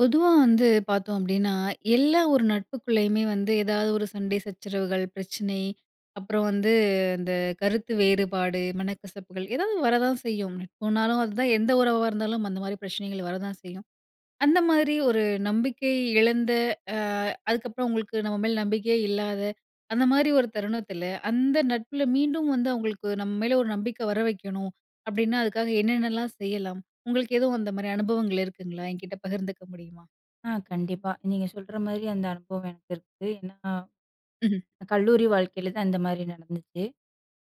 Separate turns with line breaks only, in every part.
பொதுவா வந்து பார்த்தோம் அப்படீன்னா, எல்லா ஒரு நட்புக்குள்ளயுமே வந்து ஏதாவது ஒரு சண்டை சச்சரவுகள், பிரச்சனை, அப்புறம் வந்து அந்த கருத்து வேறுபாடு, மனக்கசப்புகள் ஏதாவது வரதான் செய்யும். நட்புன்னாலும் அதான், எந்த உறவா இருந்தாலும் அந்த மாரி பிரச்சனைகள் வரதான் செய்யும். அந்த மாதிரி ஒரு நம்பிக்கை இழந்த, அ அதுக்கப்புறம் உங்களுக்கு நம்ப மேல நம்பிக்கையே இல்லாத அந்த மாரி ஒரு தருணத்துல, அந்த நட்புல மீண்டும் வந்து அவங்களுக்கு நம்ம மேல ஒரு நம்பிக்க வரவைக்கணும், அப்படீன்னா அதுக்காக என்னென்னல்லாம் செய்யலாம்? உங்களுக்கு எதுவும் அந்த மாரி அனுபவங்கள் இருக்குங்களா? எங்கிட்ட பகிர்ந்துக்க முடியுமா?
ஆ கண்டிப்பா. நீங்க சொல்ற மாரி அந்த அனுபவம் எனக்கு இருக்கு. ஏன்னா,
ம்ஹ்ம்.
கல்லூரி வாழ்க்கையில தான் இந்த மாரி நடந்துச்சு.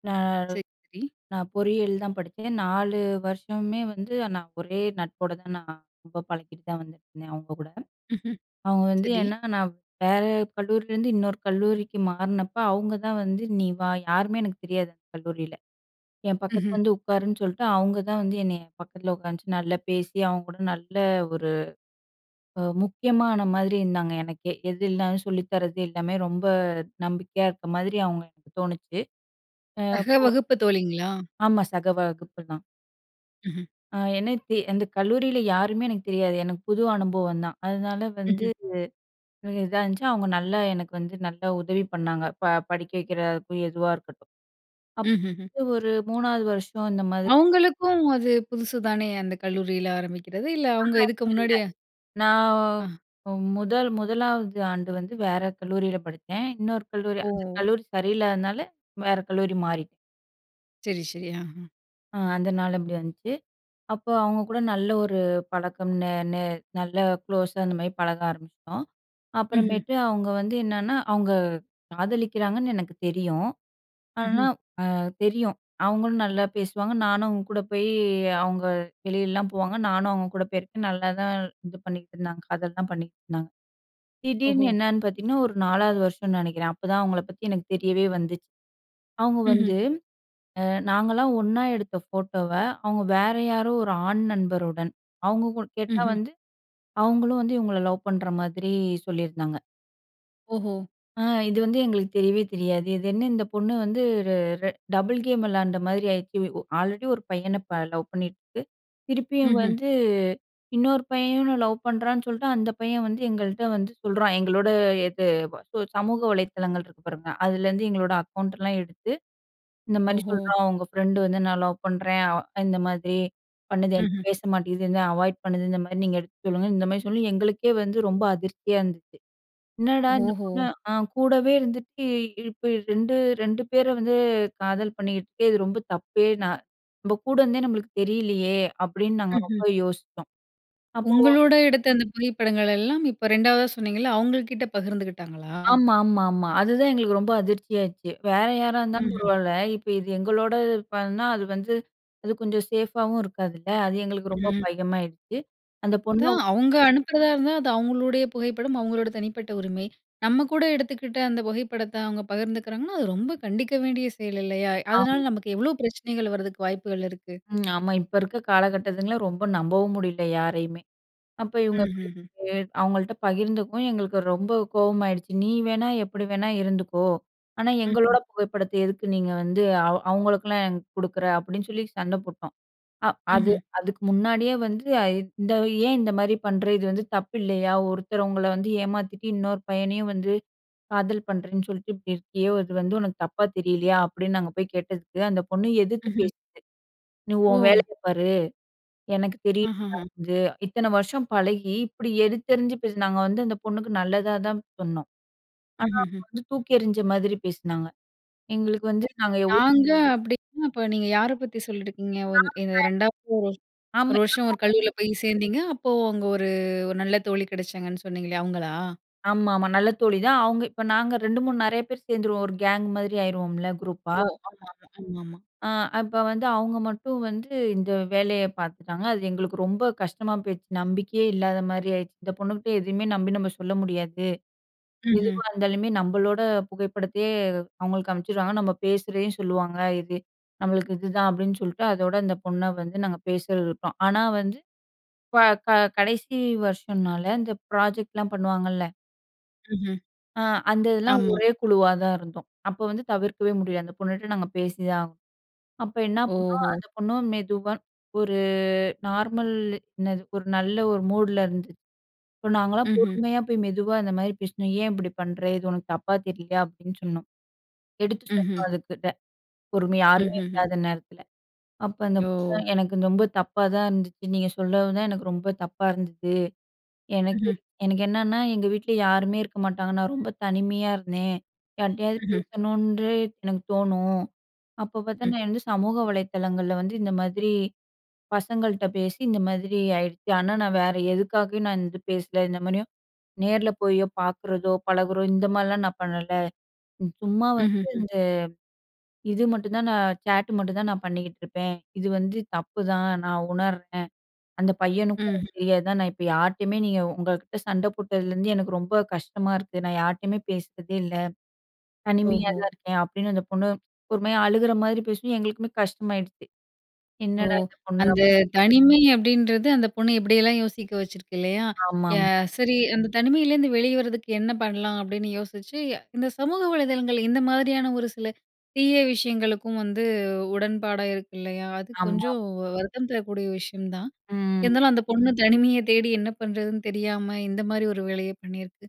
நா
சரி, சரி.
நா பொறியியல் தான் படிச்சேன். 4 வருஷமுமே வந்து நான் ஒரே நட்போட தான், நான் ரொம்ப பழகிட்டு தான் வந்துட்டுருந்தேன் அவங்க கூட.
ம்ஹ்ம்.
அவுங்க வந்து
சரி.
ஏன்னா, நான் வேற கல்லூரிலருந்து இன்னொரு கல்லூரிக்கு மாறுனப்ப அவங்க தான் வந்து, "நீ வா!" யாருமே எனக்கு தெரியாது அந்த கல்லூரியில. "என் பக்கத்துல
ம்ஹ்ம்.
வந்து உட்காருன்னு" சொல்ட்டு, அவுங்க தான் வந்து என்னைய பக்கத்துல உட்காந்து நல்லா பேசி, அவங்க கூட நல்ல ஒரு அ முக்கியமான மாரி இருந்தாங்க எனக்கே. எதுல்ன்னாலும் சொல்லித்தரது, எல்லாமே ரொம்ப நம்பிக்கையா இருக்க மாதிரி அவங்கள எனக்குத் தோணுச்சு. அ
சக
போ
வகுப்பு தோழிங்களா?
ஆமா, சக வகுப்பு தான்.
ம்ஹ்ம்.
அ எனக்கு அந்த கல்லூரில யாருமே எனக்கு தெரியாது. எனக்கு புது அனுபவம் தான். அதனால வந்து
ம்ஹ்ம்.
இது இதா இருந்துச்சு. அவுங்க நல்லா எனக்கு வந்து நல்லா உதவி பண்ணாங்க, ப படிக்க வைக்கிறதாருக்கும், எதுவா இருக்கட்டும்.
ம்ஹ்ஹ்ம்.
அப்ப ஒரு 3ஆவது வருஷம் இந்த மாதிரி
அவங்களுக்கும் அது புதுசு தானே, அந்த கல்லூரில ஆரம்பிக்கிறது. இல்ல, அவங்க
ஆஹா!
இதுக்கு
இல்லல்ல.
முன்னாடியா
நான்
ஆ.
முதல் 1 ஆவது ஆண்டு வந்து வேற கல்லூரில படிச்சேன். இன்னொரு கல்லூரி, அந்த
ஓ!
கல்லூரி சரியில்லாததுனால வேற கல்லூரி மாறிட்டேன்.
சரி, ஷரி. அஹ.
அ அதனால அப்படி வந்துச்சு. அப்ப அவங்ககூட நல்ல ஒரு பழக்கம், ந ந நல்ல குளோஸா இந்த மாதிரி பழக ஆரம்பிச்சுட்டோம்.
ம்ஹ்ம்.
அப்புறமேட்டு அவுங்க வந்து என்னன்னா, அவுங்க காதலிக்கிறாங்கன்னு எனக்கு தெரியும். ஆனா
அஹ்ம்.
அ தெரியும். அவங்களும் நல்லா பேசுவாங்க, நானும் அவுங்க கூட போய் அவங்க வெளியல்லாம் போவாங்க, நானும் அவங்க கூட போயிருக்கேன், நல்லாதான் இது பண்ணீகிட்டுருந்தாங்க காதல்லாம் பண்ணிகிட்ருந்தாங்க.
ஓஹோ!
திடீர்ன்னு என்னன்னு பாத்தீங்கன்னா, ஒரு 4ஆவது வருஷம்ன்னு நெனைக்கிறேன், அப்பதான் அவங்கள பத்தி எனக்கு தெரியவே வந்துச்சு. அவுங்க
ம்ஹம்.
வந்து அ நாங்கல்லாம் ஒண்ணா எடுத்த ஃபோட்டோவ, அவங்க வேற யாரோ ஒரு ஆண் நண்பருடன் அவங்க கு கேட்டா
ம்ஹம்.
வந்து, அவங்களும் வந்து இவங்கள லவ் பண்ற மாதிரி சொல்லியிருந்தாங்க.
ஓஹோ!
ஆ இது வந்து எங்களுக்கு தெரியவே தெரியாது. இது என்ன இந்தப் பொண்ணு வந்து, ர ர டபுள் கேம் விளையாண்ட மாரி ஆயிருச்சு. ஒ ஆல்ரெடி ஒரு பையன ப லவ் பண்ணிட்டுருக்கு. திருப்பியும்
ம்ஹ்ம்.
வந்து இன்னொரு பையனும் லவ் பண்றான்னு சொல்ட்டு, அந்த பையன் வந்து எங்கள்ட்ட வந்து சொல்றான். எங்களோட இது சோ சமூக வலைதளங்கள் இருக்கு பாருங்க, அதுலருந்து எங்களோட அக்கவுண்ட்டல்லாம் எடுத்து, இந்த மாரி
ஓஹோ!
சொல்றான், "உங்க ஃபிரண்டு வந்து நான் லவ் பண்றேன். அவ் இந்த மாதிரி பண்ணுது, என்கிட்ட
ம்ஹ்ம்
பேச மாட்டீங்குது, என்ன அவாய்ட் பண்ணுது, இந்த மாரி நீங்க எடுத்து சொல்லுங்க." இந்த மாரி சொல்லி, எங்களுக்கே வந்து ரொம்ப அதிர்ச்சியா இருந்துச்சு. "என்னடா இந்தப்
ஓஹோ!
பொண்ணு அ கூடவே இருந்துட்டு, இப்படி 2 2 பேர வந்து காதல் பண்ணீட்டுருக்கு, இது ரொம்ப தப்பே நா நம்ப கூட இருந்தே நம்பளுக்கு தெரியலையே." அப்படீன்னு நாங்க
ம்ஹ்ம்.
ரொம்ப யோசிச்சோம். அப்போ
உங்களோட எடுத்த அந்த புகைப்படங்களல்லாம் இப்போ 2ஆவதா சொன்னீங்கல்ல, அவங்கள் கிட்ட பகிர்ந்துகிட்டாங்களா?
ஆமா, ஆமா, ஆமா. அதுதான் எங்களுக்கு ரொம்ப அதிர்ச்சியாச்சு. வேற யாரா இருந்தாலும்
ம்ஹ்ம்.
பரவால்ல. இப்ப இது எங்களோட இது பண்ணா, அது வந்து அது கொஞ்சம் சேஃப்பாவும் இருக்காதுல்ல. அது எங்களுக்கு ரொம்ப
ம்.
பயமாயிருச்சு. அந்தப் பொண்ண
அதான். அவங்க அனுப்புறதா இருந்தா, அது அவங்களுடைய புகைப்படம், அவங்களோட தனிப்பட்ட உரிமை. நம்ம கூட எடுத்துக்கிட்ட அந்தப் புகைப்படத்த அவங்க பகிர்ந்துக்கிறாங்கன்னா, அது ரொம்ப கண்டிக்க வேண்டிய செயல் இல்லையா? அதனால
ஆமா.
நமக்கு எவ்வளவு பிரச்சனைகள் வரதுக்கு வாய்ப்புகள் இருக்கு.
ம். ஆமா, இப்ப இருக்க காலகட்டத்துங்கள ரொம்ப நம்பவும் முடியல யாரையுமே. அப்ப இவங்க இப்படி
ம்ஹ்ஹ்ம்.
போய் அவங்கள்ட்ட பகிர்ந்துக்கவும் எங்களுக்கு ரொம்ப கோவமாயிடுச்சு. "நீ வேணா எப்படி வேணா இருந்துக்கோ, ஆனா
ம்.
எங்களோட
ம்.
புகைப்படத்தை எதுக்கு நீங்க வந்து அவ அவங்களுக்கெல்லாம் ஏன் குடுக்குற?" அப்படீன்னு சொல்லி சண்ட போட்டோம். அ அது
ம்ஹ்ம்.
அதுக்கு முன்னாடியே வந்து, "இந்த ஏன் இந்த மாதிரி பண்ற? இது வந்து தப்பில்லையா? ஒருத்தரவங்கள வந்து ஏமாத்திட்டு இன்னொரு பையனையும் வந்து காதல் பண்றேன்னு சொல்ட்டு, இப்படி இருக்கியே. இது வந்து உனக்கு தப்பா தெரியலையா?" அப்படீன்னு நாங்க போய் கேட்டதுக்கு, அந்தப் பொண்ணு எதிர்த்து
ஹ்ம்.
பேசுது, "நீ உன்
ஓ!
வேலையை பாரு, எனக்கு தெரியும்
அஹஹ.
அது." இத்தன வருஷம் பழகி இப்படி எடுத்தெறிஞ்சு பேசுனா. நாங்க வந்து அந்தப் பொண்ணுக்கு நல்லதா தான் சொன்னோம். ஆனா
ம்ஹ்ஹ்ம்.
அவங்க வந்து தூக்கி எறிஞ்ச மாதிரி பேசுனாங்க. எங்களுக்கு
ஒ
வந்து, நாங்க எவ்வளோ
"நாங்க" அப்படீன்னா, அப்ப நீங்க யார பத்தி சொல்லிருக்கீங்க? ஓ! இந் இந்த
ஆமாங்க.
2ஆவது, 1 1
ஆமா.
வருஷம் 1
[unintelligible]
கல்லூரில போய் சேர்ந்தீங்க, அப்போ அங்க 1 1 நல்ல தோழி கெடச்சாங்கன்னு சொன்னீங்களே அவங்களா?
ஆமாமா, நல்ல தோழி தான். அவங்க இப்ப நாங்க 2 3 நெறைய பேர் சேர்ந்துருவோம் 1 கேங் மாதிரி ஆயிருவோம்ல குரூப்பா.
ஓ! ஆமாமா, ஆமாமா.
அ அப்ப வந்து, அவங்க மட்டும் வந்து இந்த வேலைய பார்த்துட்டாங்க. அது எங்களுக்கு ரொம்ப கஷ்டமா போயிருச்சு. நம்பிக்கையே இல்லாத மாரி ஆயிருச்சு. "இந்தப் பொண்ணுகிட்ட எதுவுமே நம்பி நம்ம சொல்ல முடியாது.
ம்ஹம்.
எதுவா இருந்தாலுமே, நம்பளோட புகைப்படத்தையே அவங்களுக்கு அனுப்ச்சுருவாங்க. நம்ப பேசுறதையும் சொல்லுவாங்க. இது நம்மளுக்கு இதுதான்." அப்படீன்னு சொல்ட்டு, அதோட இந்த பொண்ண வந்து நாங்க பேசறத விட்டோம். ஆனா வந்து ப க கடைசி வருஷம்ன்னால அந்த ப்ராஜெக்ட்லாம் பண்ணுவாங்கல்ல
ம்ஹம்.
அ அந்த இதெல்லாம்
ஆமா.
ஒரே குழுவா தான் இருந்தோம். அப்ப, வந்து தவிர்க்கவே முடில அந்த பொண்ணுட்ட நாங்க பேசிதான் ஆகணும். அப்ப என்ன பண்ணோம்,
ஓஹோ!
அந்த பொண்ணு மெதுவா ஒரு நார்மல் என்னது ஒரு நல்ல ஒரு மூடுல இருந்துச் இப்ப நாங்கலாம்
ம்ஹ்ம்.
பொறுமையா போய் மெதுவா இந்த மாரி பேசினோம். "ஏன் இப்படி பண்ணுற? இது உனக்கு தப்பா தெரியலையா?" அப்படின்னு சொன்னோம். எடுத்து சொன்னோம்
ம்ஹ்ம்.
அதுக்கிட்ட பொறுமையா யாருமே
ம்ஹ்ஹ்ம்.
இல்லாத நேரத்தில. அப்போ, அந்த பொண்ணு
ஓ!
"எனக்கு ரொம்ப தப்பா தான் இருந்துச்சு. நீங்க சொல்லவும் தான் எனக்கு ரொம்ப தப்பா இருந்தது. எனக்கே
ம்ஹ்ம்.
எனக்கு என்னன்னா எங்க வீட்ல யாருமே இருக்க மாட்டாங்க. நான் ரொம்ப தனிமையா இருந்தேன் யார்ட்டயாது
ம்ஹ்ம்.
பேசணுன்டு எனக்கு தோணும். அப்போ பார்த்தா
ம்.
நான் வந்து சமூக வலைதளங்கள்ல வந்து இந்த மாதிரி பசங்கள்ட்ட பேசி இந்த மாதிரி ஆயிடுச்சு. ஆனா, நான் வேற எதுக்காகயும் நான் இந்த பேசல இந்த மாதிரியும் நேரல போயோ, பார்க்குறதோ, பழகுறோ இந்த மாரிலாம் நான் பண்ணல. சும்மா வந்து
ம்ஹ்ஹ்ம்.
இந்த இது மட்டும் தான் நான் ச்சாட் மட்டும் தான் நான் பண்ணிக்கிட்டுருப்பேன். இது வந்து தப்புதான் நான் உணர்றேன். அந்த பையனுக்கும்
ம்ஹ்ம்.
தெரியாதுதான் நான் இப்ப யார்ட்டயுமே நீங்க உங்ககிட்ட சண்ட போட்டதுலருந்து எனக்கு ரொம்ப கஷ்டமா இருக்கு. நான் யார்ட்டயுமே பேசுறதே இல்ல. தனிமையா
ஓஹோ!
தான் இருக்கேன்" அப்படின்னு அந்த பொண்ணு ஒருமாரி அழுகுற மாரி பேசுவும். எங்களுக்குமே கஷ்டமாயிடுச்சு.
ஓ!
என்னடா இந்த பொண்ணு அப்
அந்த தனிமை அப்படின்றது, அந்த பொண்ணு எப்படியெல்லாம் யோசிக்க வச்சிருக்கு இல்லையா? ய
ஆமாம்.
சரி, அந்த தனிமையிலேருந்து வெளிய வர்றதுக்கு என்ன பண்ணலாம்? அப்படின்னு யோசிச்சு இந்த சமூக வலைதளங்கள், இந்த மாதிரியான ஒரு சில தீய விஷயங்களுக்கும் வந்து உடன்பாடா இருக்கு இல்லையா? அது
ஆமா.
கொஞ்சம் வருத்தம் தரக்கூடிய விஷயம் தான்.
ம்.
இருந்தாலும் அந்த பொண்ணு தனிமைய தேடி என்ன பண்ணுறதுன்னு தெரியாம. இந்த மாரி ஒரு வேலைய பண்ணியிருக்கு.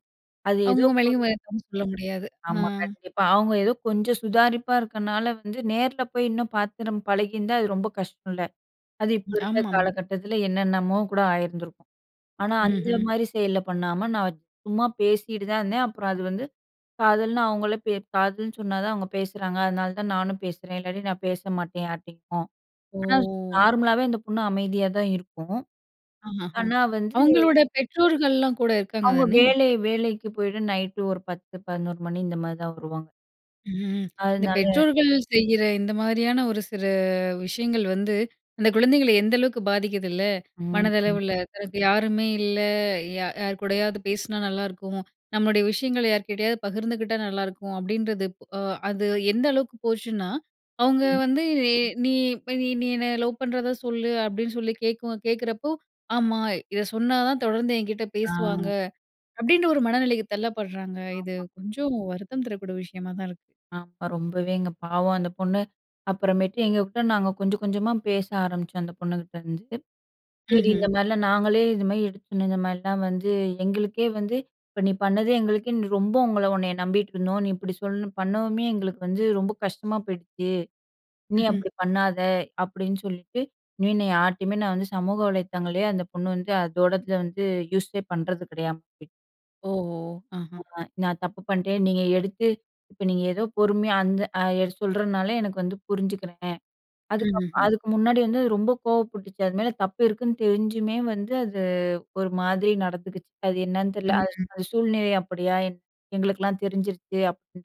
அது ஏதோ
அவுங்க
ஒரு
மேலயும் சொல்ல முடியாது ஆ.
ஆமா கண்டிப்பா. அவங்க ஏதோ கொஞ்சம் சுதாரிப்பா இருக்கனால, வந்து நேர்ல போய் இன்னும் பாத்து நம் பழகியிருந்தா. அது ரொம்ப கஷ்ட்டோல்ல, அது இப்போ இருக்க
ஆமாமா.
காலகட்டத்தில என்னென்னமோ கூட ஆயிருந்திருக்கும். ஆனா அந்த
ம்ஹ்ம்.
மாரி செயல்ல பண்ணாம, நான் சும்மா பேசிட்டு தான் இருந்தேன். அப்புறம் அது வந்து காதல்னு அவங்களே "காதல்ன்னு" சொன்னா தான் அவங்க பேசுறாங்க. அதனால தான் நானும் பேசுறேன். இல்லாட்டி நான் பேச மாட்டேன் யார்ட்டயும். ஆனா
ஓ!
நார்மலாவே அந்த பொண்ணு அமைதியா தான் இருக்கும்.
ஆஹாஹ.
ஆனா வந்து
அவுங்களோட பெற்றோர்கள்லாம் கூட இருக்காங்க
அவங்க
தானே?
வேலை வேலைக்கு போயிட்டு நைட்‌டு ஒரு 10:00 11:00 மணி இந்த மாதிரி தான் வருவாங்க.
ம். இந்த
அதுனால,
பெற்றோர்கள் செய்ற இந்த மாதிரியான ஒரு சில விஷயங்கள் வந்து, அந்த குழந்தைகள எந்த அளவுக்கு பாதிக்கிதுல
ம். ஆமா.
மனதளவுல. தனக்கு யாருமே இல்ல ய யார் கூடயாவது பேசுனா நல்லா இருக்கும், நம்முடைய விஷயங்கள யார்கிட்டயாவது பகிர்ந்துகிட்டா நல்லா இருக்கும் அப்டின்றது. அ அது எந்த அளவுக்கு போச்சுன்னா, அவங்க
ம்.
வந்து நீ நீ நீ என்னை லவ் பண்றத சொல்லு அப்டின்னு சொல்லி கேட்க கேட்குறப்போ, ஆமா. இத சொன்னா தான் தொடர்ந்து என்கிட்ட
ஆ.
பேசுவாங்க, அப்டின்ற ஒரு மனநிலைக்கு தள்ளப்படுறாங்க. இது
ஆமா.
கொஞ்சம் வருத்தம் தரக்கூடிய விஷயமா தான் இருக்கு.
ஆமா ரொம்பவேங்க, பாவம் அந்த பொண்ணு அப்புறமேட்டு, எங்ககூட நாங்க கொஞ்சம், கொஞ்சமா பேச ஆரம்பிச்சோம் அந்த பொண்ணுகிட்டேருந்து. சரி, இந்த
ம்ஹ்ம்.
மாரிலாம் நாங்களே, இது மாரி எடுத்து சொன்னோம். இந்த மாரிலாம் வந்து எங்களுக்கே, வந்து இப்ப நீ பண்ணது எங்களுக்கே ரொம்ப உங்கள உன்னை நம்பிட்டு இருந்தோம். நீ இப்டி சொல்ல பண்ணவுமே, எங்களுக்கு வந்து ரொம்ப கஷ்டமா போயிடுச்சு. இனி
ம்ஹ்ம்.
அப்டி பண்ணாத அப்டின்னு சொல்லிட்டு, இனி நான் யார்ட்டேயுமே நான் வந்து சமூக வலைத்தங்களையே அந்த பொண்ணு வந்து அதோடத வந்து யூஸே பண்றது கெடையாம போயிச்சு.
ஓஹோ! ஆஹ.
ஆமா. நான் தப்பு பண்ட்டேன் நீங்க எடுத்து இப்ப நீங்க ஏதோ பொறுமையா அந்த சொல்றனால, எனக்கு வந்து புரிஞ்சிக்குறேன். அதுக்கு அப்பறம்
ம்ஹ்ஹ்ம்.
அதுக்கு முன்னாடி வந்து ரொம்ப கோவப்பட்டுச்சு. அது மேல தப்பு இருக்குன்னு தெரிஞ்சுமே வந்து அது ஒரு மாதிரி நடந்துக்குச்சு. அது என்ன தெரியல.
ம்,
அது
ம்.
அந்த சூழ்நிலை அப்டியா எ எங்களுக்கெல்லாம் தெரிஞ்சிருச்சு அப்டின்னு,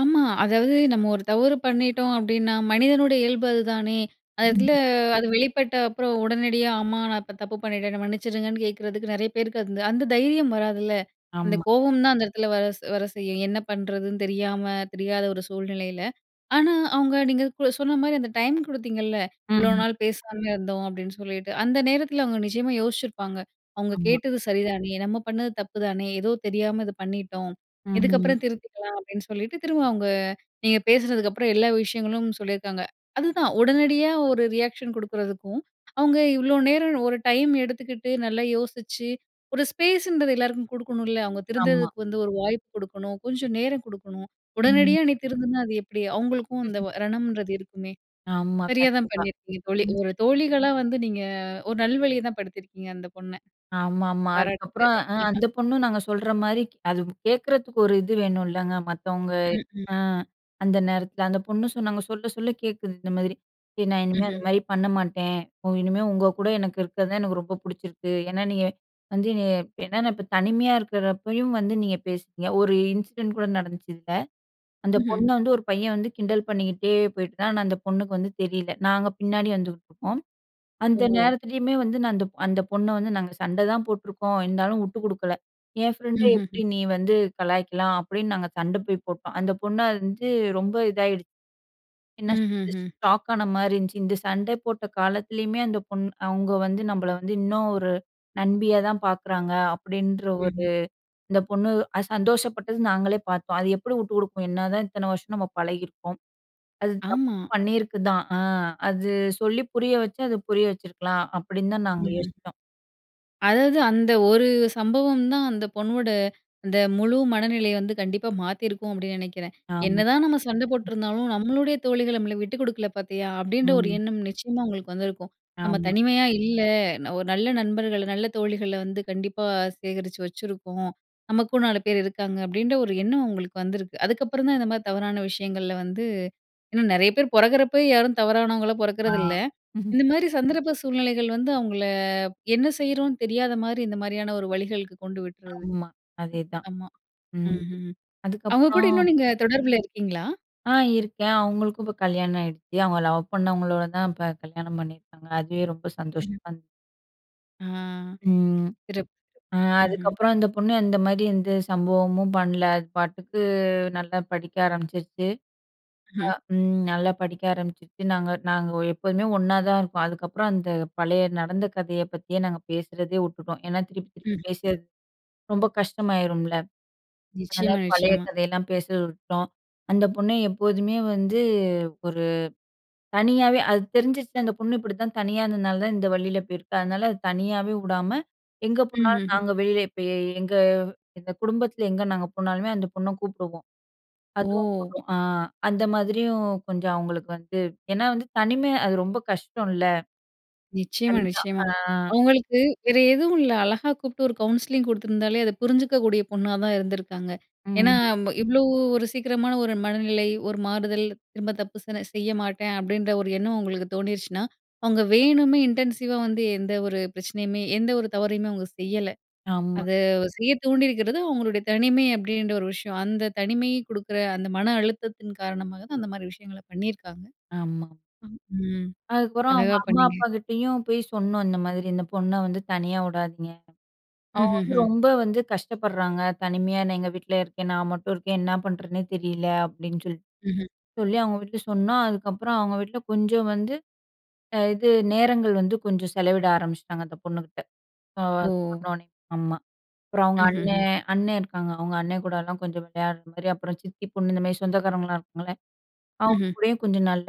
ஆமா. அதாவது நம்ம ஒரு தவறு பண்ணிட்டோம் அப்பிடின்னா, மனிதனுடைய இயல்பு அதுதானே! அந்த இடத்தில
ம்ஹ்ம்.
அது வெளிப்பட்ட அப்புறம், உடனடியா "ஆமா நான் இப்ப தப்பு பண்ணிட்டேன் என்ன மன்னிச்சிருங்க"ன்னு கேட்கிறதுக்கு நிறைய பேருக்கு அது அந்த தைரியம் வராதுல்ல. அந்த
ஆமா.
கோவம் தான் அந்த இடத்தில வர வர செய்யும். என்ன பண்ணுறதுன்னு தெரியாம, தெரியாத ஒரு சூழ்நிலையில. ஆனா, அவுங்க நீங்க சொன்ன மாரி அந்த டைம் குடுத்தீங்கல்ல.
ம்,
"இவளோ
ம்.
நாள் பேசாம இருந்தோம்" அப்பிடின்னு சொல்லிட்டு, அந்த நேரத்தில அவுங்க நிச்சயமா யோசிச்சிருப்பாங்க. "அவங்க
ஆமா.
கேட்டது சரிதானே! நம்ம பண்ணது தப்பு தானே! ஏதோ தெரியாம இது பண்ணிட்டோம்.
ம், ம்.
இதுக்கப்புறம் திருத்திக்கலாம்" அப்பிடின்னு சொல்லிட்டு, திரும்ப அவுங்க நீங்க பேசினதுக்கப்புறம் எல்லா விஷயங்களும் சொல்லியிருக்காங்க. அதுதான் உடனடியா ஒரு ரியாக்ஷன் குடுக்குறதுக்கும், அவுங்க இவ்ளோ நேரம் ஒரு டைம் எடுத்துக்கிட்டு, நல்லா யோசிச்சு, ஒரு ஸ்பேஸ்ன்றது எல்லாருக்கும் குடுக்கணுன்ல. அவுங்க
ஆமா.
திருந்துறதுக்கு வந்து ஒரு வாய்ப்பு குடுக்கணும். கொஞ்ச நேரம் குடுக்கணும்.
ம்.
உடனடியா "நீ திருந்துனா, அது எப்பிடி?" அவுங்களுக்கும் இந்த ரணம்ன்றது இருக்குமே!
ஆமா.
சரியா தான்
கண்டிப்பா.
பண்ணியிருக்கீங்க. தோழி,
ம்.
ஒரு தோழிகளா வந்து நீங்க ஒரு நல்வழிய தான் படுத்தியிருக்கீங்க அந்த பொண்ண.
ஆமா, ஆமா. அதுக்கப்புறம்
பாராட்டுக்கள்.
அ அந்த பொண்ணும் நாங்க சொல்றமாரி அது கேட்குறதுக்கு ஒரு இது வேணும்லங்க. மத்தவங்க
ம், ம்.
அ அந்த நேரத்தில அந்த பொண்ணு சொன்னாங்க, சொல்ல, சொல்ல கேட்குது இந்த மாரி "சரி நான் இனிமே
ம்ஹ்ம்.
அந்தமாரி பண்ண மாட்டேன். ஒ இனிமே உங்க கூட எனக்கு இருக்கிறதே எனக்கு ரொம்ப பிடிச்சிருக்கு. ஏன்னா, நீங்க வந்து என்னைய ஏனா நான் இப்ப தனிமையா இருக்கிறப்பயும் வந்து நீங்க பேசுவீங்க" ஒரு இன்சிடென்ட் கூட நடந்துச்சு இதில. அந்த
ம்ஹ்ம்.
பொண்ண வந்து ஒரு பையன் வந்து கிண்டல் பண்ணிக்கிட்டே போயிட்டு இருந்தான். ஆனா அந்த பொண்ணுக்கு வந்து தெரியல. நாங்க பின்னாடி வந்துகிட்டுருக்கோம். அந்த
ஓஹோ!
நேரத்திலேயுமே வந்து நான் அந்த, அந்த பொண்ண வந்து நாங்க சண்டதான் போட்டுருக்கோம். இருந்தாலும் வுட்டு குடுக்கல. "என் ஃப்ரெண்ட்ட எப்பிடி
ம்ஹ்ஹ்ம்.
நீ வந்து கலாய்க்கலாம்" அப்பிடின்னு நாங்க சண்ட போய் போட்டோம். அந்த பொண்ண அறிஞ்சு ரொம்ப இதாகிடுச்சு. என்ன சொல்றது,
ம்ஹ்ஹ்ம்.
ஷாக் ஆனமாரி இருந்துச்சு. இந்த சண்டை போட்ட காலத்திலயுமே அந்த பொண்ணு அவுங்க வந்து நம்மள வந்து இன்னும் ஒரு நண்பியா தான் பார்க்குறாங்க. அப்பிடின்ற ஒரு
ம்ஹ்ம்.
இந்த பொண்ணு அத சந்தோஷப்பட்டது. நாங்களே பார்த்தோம். "அது எப்பிடி வுட்டு குடுக்கும்! என்னதான் இத்தனை வருஷம் நம்ம பழகியிருக்கோம். அது தப்பு
ஆமா.
பண்ணியிருக்கு தான். ஆ அது சொல்லி புரிய வச்சா, அது புரிய வச்சிருக்கலாம்"அப்பிடின்னு தான் நாங்க
ம்ஹ்ம்.
யோசிச்சோம்.
அதாவது அந்த ஒரு சம்பவம் தான் அந்த பொண்ணோட, அந்த முழு மனநிலைய வந்து கண்டிப்பா மாத்தியிருக்கும் அப்பிடின்னு நினைக்கிறேன்.
ஆமா.
"என்னதான் நம்ம சண்ட போட்ருந்தாலும் நம்மளுடைய தோழிகள் நம்மள விட்டு குடுக்கல பார்த்தியா!"அப்டின்ற ஒரு
ம்.
எண்ணம் நிச்சயமா உங்களுக்கு வந்திருக்கும். "நம்ம
ஆமா.
தனிமையா இல்ல. அ ஒரு நல்ல நண்பர்கள, நல்ல தோழிகள வந்து கண்டிப்பா சேகரிச்சு வச்சுருக்கோம். நமக்கும் 4 பேர் இருக்காங்க" அப்பிடின்ற ஒரு எண்ணம் அவுங்களுக்கு வந்திருக்கு. அதுக்கப்புறம் தான் இந்தமாரி தவறான விஷயங்கள்ல வந்து, இன்னும் நிறைய பேரு பொறக்கிறப்ப யாரும் தவறானவங்களா
ஆ.
பொறக்கிறது இல்ல. இந்த மாதிரி சந்தர்ப்ப சூழ்நிலைகள் வந்து அவுங்கள என்ன செய்கிறோன்னு தெரியாத மாதிரி, இந்த மாரியான ஒரு வழிகளுக்கு கொண்டு விட்றது.
ஆமா. அதே தான்.
ஆமா
ம்.
ம்ஹ்ம், அவுங்க கூட
அதுக்கப்புறம்
இன்னும் நீங்க தொடர்பில இருக்கீங்களா?
ஆ இருக்கேன். அவுங்களுக்கும் இப்ப கல்யாணம் ஆயிடுச்சு. அவுங்க லவ் பண்ணவங்களோட தான் இப்ப கல்யாணம் பண்ணியிருக்காங்க. அதுவே ரொம்ப
ம்.
சந்தோஷமா இன்
ம்.
ம்.
சிறப்பு! ம்ஹ்ம்.
அதுக்கப்புறம் அந்த பொண்ணு அந்த மாதிரி எந்த சம்பவமும் பண்ணல. அது பாட்டுக்கு நல்லா படிக்க ஆரம்பிச்சுருச்சு. அ
ம்.
ம் நல்லா படிக்க ஆரம்பிச்சுடுச்சு. நாங்க நாங்க எப்போதுமே ஒண்ணாத இருப்போம் அதுக்கப்புறம் அந்த பழைய நடந்த கதைய பத்தி நாங்க பேசுகிறதே வுட்டுட்டோம். ஏன்னா, திருப்பி திருப்பி
ம்,
பேசி
ம்.
அது ரொம்ப கஷ்டமாயிரும்ல. அதனால
நிச்சயமா,
பழைய
நிச்சயமா.
கதையெல்லா பேசர விட்டோம். அந்த பொண்ணு எப்போதுமே வந்து ஒரு தனியாவே அது தெரிஞ்சுச்சு அந்த பொண்ணு இப்படிதான் தனியா இந்ததுனால தான் இந்த வலியில போயிருக்கு. அதனால, தனியாவே உடாம எங்க போனாலும்
ம்ஹ்ம்.
நாங்க வெளியில போய் எங்க இந்த குடும்பத்தில எங்க நாங்க போனாலுமே அந்த பொண்ண கூப்பிடுவோம். அதுவும்
ஓ.
வரும், அ அந்த மாதிரியும் கொஞ்சம் அவங்களுக்கு வந்து ஏன்னா வந்து தனிமை அது ரொம்ப கஷ்டம் இல்ல.
நிச்சயமா,
அதுதா,
நிச்சயமா.
அ அ.
அவங்களுக்கு, வேறு எதுவு இல்ல. அழகா கூப்புட்டு ஒரு கவுன்சிலிங் குடுத்துருந்தாலே அத புரிஞ்சுக்க கூடிய பொண்ணா தான் இருந்துருக்காங்க. ஏன்னா,
ம்.
ம் இவ்வளோ ஒரு சீக்கிரமான ஒரு மனநிலை, ஒரு மாறுதல், திரும்ப தப்பு சென செய்ய மாட்டேன் அப்டீன்ற ஒரு எண்ணம் உங்களுக்கு தோணிருச்சினா, அவங்க வேணுமே இன்டென்சிவா வந்து எந்த ஒரு பிரச்சனையுமே எந்த ஒரு தவறையுமே அவங்க செய்யல.
ஆமா.
அத செய்யத் தூண்டியிருக்கிறது அவங்களுடைய தனிமை அப்படின்ற ஒரு விஷயம். அந்த தனிமை கொடுக்குற, அந்த மன அழுத்தத்தின் காரணமாக தான் அந்த மாதிரி விஷயங்கள பண்ணியிருக்காங்க.
ஆமா.
ம்.
அதுக்கப்புறம் அவங்க
அழகா
அம்மா,
பண்ணீங்க.
அப்பா கிட்டேயும் போய் சொன்னோம் "இந்த மாதிரி இந்த பொண்ண வந்து தனியா உடாதீங்க. அவ வந்து
ம்ஹ்ஹ்ம்.
ரொம்ப வந்து கஷ்டப்படுறாங்க, தனிமையா என்ன எங்க வீட்டுலியே இருக்கேன், நான் மட்டும் இருக்கேன், என்ன பண்ணுறதுன்னே தெரியல" அப்டீன்னு சொல்லிட்டு
ம்ஹ்ம்.
சொல்லி அவங்க வீட்டில சொன்னோ. அதுக்கப்புறம் அவங்க வீட்டில கொஞ்சம் வந்து அ இது நேரங்கள் வந்து கொஞ்சம் செலவிட ஆரம்பிச்சுட்டாங்க அந்த பொண்ணுகிட்ட. ஆ
ஓ.
சொன்னோனே. ஆமா, அப்புறம் அவங்க அண்ணே
ம்ஹ்ஹ்ம்.
அண்ணன் இருக்காங்க. அவங்க அண்ணன் கூடலாம் கொஞ்சம் விளையாடுற மாதிரி அப்புறம், சித்தி பொண்ணு இந்தமாதிரி சொந்தக்காரங்கலா இருக்காங்களே அவங்க
ம்ஹ்ம்.
கூடயும் கொஞ்சம் நல்ல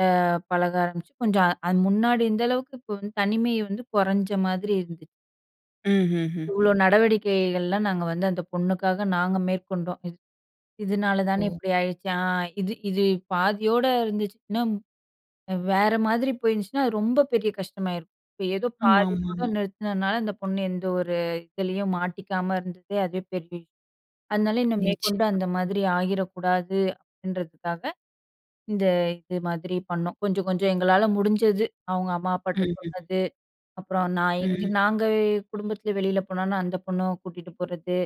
பழக ஆரம்பிச்சு, கொஞ்சம் அது முன்னாடி இருந்த அளவுக்கு இப்போ வந்து தனிமை வந்து குறஞ்ச மாதிரி இருந்துச்சு.
ம்ஹ்ஹுஹ்ம்.
இவ்வளோ, நடவடிக்கைகள்ல நாங்க வந்து அந்த பொண்ணுக்காக நாங்க மேற்கொண்டோம். இது இதுனால தானே
ஓ.
இப்படி ஆயிருச்சு. ஆ இது இது பாதியோடு இருந்துச்சு, இன்னும் வேற மாதிரி போயிருஞ்சுன்னா, அது ரொம்ப பெரிய கஷ்டமாயிருக்கும். இப்போ, ஏதோ
ஆமா,
பாதியோட
ஆமாமா.
நிறுத்தினதுனால இந்த பொண்ணு எந்த ஒரு இதுலேயும் மாட்டிக்காம இருந்தது, அதுவே பெரிய அதுனாலயே, "இன்னும் மேற்கொண்டு
நிச்சயமா.
அந்த மாதிரி ஆகிறக்கூடாது." அப்படீன்றதுக்காக, இந்த இது மாதிரி பண்ணோம். கொஞ்சம், கொஞ்சம் எங்களால முடிஞ்சது, அவங்க அம்மா அப்பாட்ட
ம்ஹ்ஹ்ம்.
சொன்னது, அப்புறோம் நான் எங்க
ம்.
நாங்க குடும்பத்தில வெளில போனன்னா அந்த பொண்ணும் கூட்டிட்டு போறது.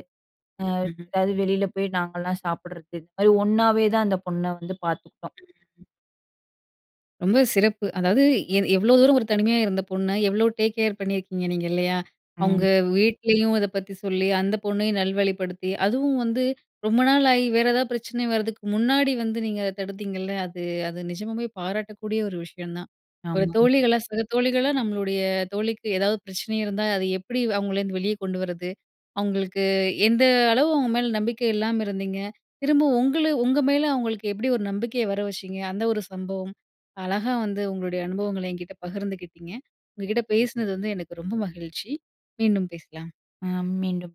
அ
ம்ஹம்.
எதாவது வெளில போய் நாங்கல்லாம் சாப்புடறது. இந்த மாரி ஒண்ணாவே தான் அந்த பொண்ண வந்து பாத்துக்கிட்டோம்.
ம்ஹ்ஹ்ம். ரொம்பவே சிறப்பு. அதாவது எ எவ்ளோ தூரம் ஒரு தனிமையா இருந்த பொண்ண, எவ்வளோ டேக் கேர் பண்ணியிருக்கீங்க நீங்க, இல்லையா? அவங்க
ம்.
வீட்லயும் இத பத்தி சொல்லி, அந்த பொண்ணையும் நல்வழிப்படுத்தி, அதுவும் வந்து ரொம்ப நாள் ஆயி வேற ஏதாவது பிரச்சனை வரதுக்கு முன்னாடி வந்து நீங்க தடுத்தீங்கல்ல, அது அது நிஜமாவே பாராட்டக்கூடிய ஒரு விஷயம் தான். ஒரு
ஆமாம்.
தோழிகள சக தோழிகள, நம்மளுடைய தோழிக்கு எதாவது பிரச்சனை இருந்தா, அது எப்படி அவங்கள வந்து வெளிய கொண்டு வரது, அவங்களுக்கு எந்த அளவு அவங்க மேல நம்பிக்கை இல்லாம இருந்தீங்க, திரும்ப உங்களு உங்க மேல அவுங்களுக்கு எப்படி ஒரு நம்பிக்கையை வர வச்சீங்க, அந்த ஒரு சம்பவம், அழகா வந்து உங்களுடைய அனுபவங்கள என்கிட்ட பகிர்ந்துக்கிட்டீங்க. உங்க கிட்ட பேசுனது வந்து எனக்கு ரொம்ப மகிழ்ச்சி! மீண்டும் பேசலாம்.
அ மீண்டும்